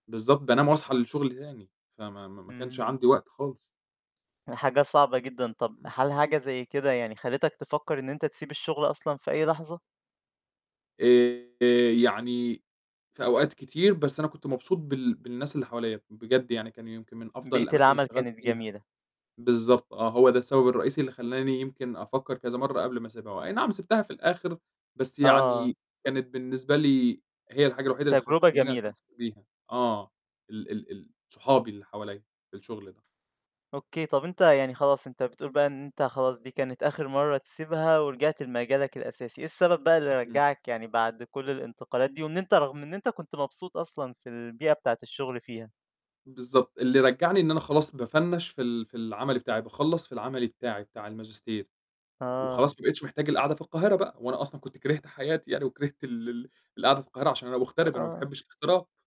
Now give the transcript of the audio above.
بالضبط، بانام واصحى للشغل تاني، فما ما ما كانش إمم. عندي وقت خالص. حاجة صعبة جدًا، طَب امم. هل حاجة زَي كده يعني خلّتك تفكّر إن أنت تسيب الشغل أصلًا في أي لحظة؟ آآ يعني في أوقات كتير، بس أنا كنت مبسوط بال بالناس اللي حواليّا، بجد يعني كان يمكن من أفضل بيئة الأماكن اللي العمل اشتغلت كانت فيها، جميلة. بالضبط آه، هو ده السبب الرئيسي اللي خلّاني يمكن أفكّر كذا مَرّة قبل ما أسيبها، هو أي نعم سيبتها في الآخر، بس آه. يعني كانت بالنسبة لي هي الحاجة الوحيدة اللي خ تجربة تخلّيني جميلة. أتمسّك بيها، آه، ال ال ال صحابي اللي حواليّا، في الشغل ده. أوكي، طَب أنت يعني خلاص، أنت بتقول بقى إن أنت خلاص دي كانت آخر مرّة تسيبها، ورجعت لمجالك الأساسي، إيه السبب بقى اللي إمم. رجّعك يعني بَعد كلّ الانتقالات دي؟ وإن أنت رغم إن أنت كنت مبسوط أصلًا في البيئة بتاعة الشغل فيها؟ بالضبط، اللي رجّعني إن أنا خلاص بافنّش في ال في العملي بتاعي، باخلّص في العملي بتاعي بتاع الماجستير، وخلاص آه. ما بقيتش محتاج القعدة في القاهرة بقى، وأنا أصلًا كنت كرهت حياتي يعني، وكرهت ال ال القعدة في القاهرة، عشان أنا مُغترب، أنا ما آه. باحبش الاغتراب.